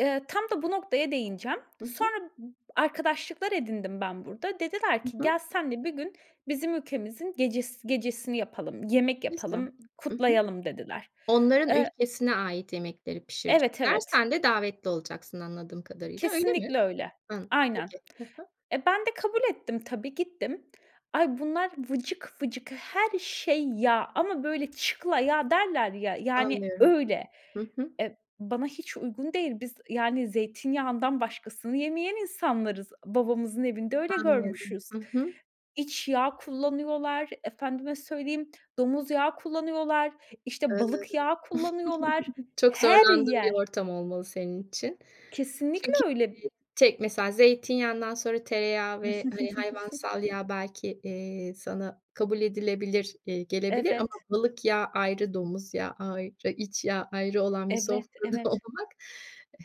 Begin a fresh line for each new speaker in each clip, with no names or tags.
Eee, tam da bu noktaya değineceğim.
Hı hı.
Sonra arkadaşlıklar edindim ben burada. Dediler
Hı
ki,
hı.
"Gel, seninle bir gün bizim ülkemizin gecesi gecesini yapalım, yemek
[unintelligible]
yapalım,
Hı hı.
kutlayalım." dediler.
Onların
Eee
ülkesine ait yemekleri
Evet,
pişirecekler.
evet.
Sen de davetli olacaksın anladığım kadarıyla. Öyle mi?
Kesinlikle öyle.
Hımm,
Aynen.
peki, hı hı.
Eee, ben de kabul ettim tabii, gittim. Ay bunlar vıcık vıcık her şey yağ ama böyle çıkla yağ derler ya, yani,
Anlıyorum.
öyle.
Hı hı.
Eee, bana hiç uygun değil. Biz, yani, zeytinyağından başkasını yemeyen insanlarız. Babamızın evinde öyle
Anlıyorum.
görmüşüz.
Hı hı.
İç yağ kullanıyorlar efendime söyleyeyim, domuz yağı kullanıyorlar, işte,
Eee,
balık yağı kullanıyorlar.
çok
Her
zorlandığın bir
yer
ortam olmalı senin için.
Kesinlikle
Çünkü,
öyle.
eee, tek mesela zeytinyağından sonra tereyağı ve, hani, hayvansal yağ belki, eee, sana kabul edilebilir, eee, gelebilir ama
Evet.
balık yağı ayrı, domuz yağı ayrı, iç yağı ayrı olan bir
Evet.
sofrada
Evet.
olmak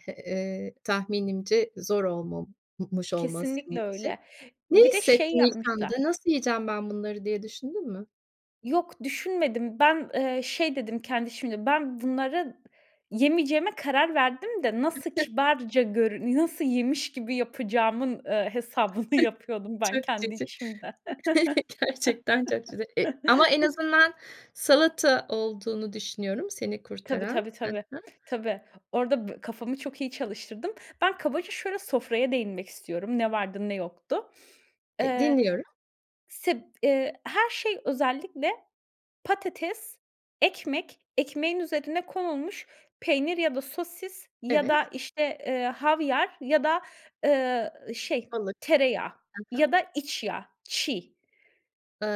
e, he, eee, tahminimce zor olma m mış olmalı
Kesinlikle
senin için.
öyle.
Ne
Bir de şey
hissettin ilk
yapmışlar.
anda nasıl yiyeceğim ben bunları diye düşündün mü?
Yok düşünmedim. Ben, eee, şey dedim kendi içimde. Ben bunları yemeyeceğime karar verdim de nasıl kibarca görün nasıl yemiş gibi yapacağımın, eee, hesabını yapıyordum ben
Çok
kendi
cici.
içimde.
Gerçekten çok cici. E, ama en azından salata olduğunu düşünüyorum seni
Tabii,
kurtaran.
tabii,
Hı
tabii,
hı.
tabii. Orada bi kafamı çok iyi çalıştırdım. Ben kabaca şöyle sofraya değinmek istiyorum. Ne vardı ne yoktu.
Eee
Eee,
dinliyorum.
sib eee, her şey özellikle patates, ekmek, ekmeğin üzerine konulmuş peynir ya da sosis ya da
Evet.
işte, eee, havyar ya da, ııı, şey
Balık.
tereyağı
Hı
ya
hı.
da iç yağ çiğ,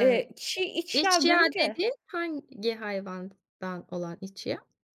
eee, çiğ iç yağ
iç yağı
görünce
dediğin hangi hayvandan olan iç yağı?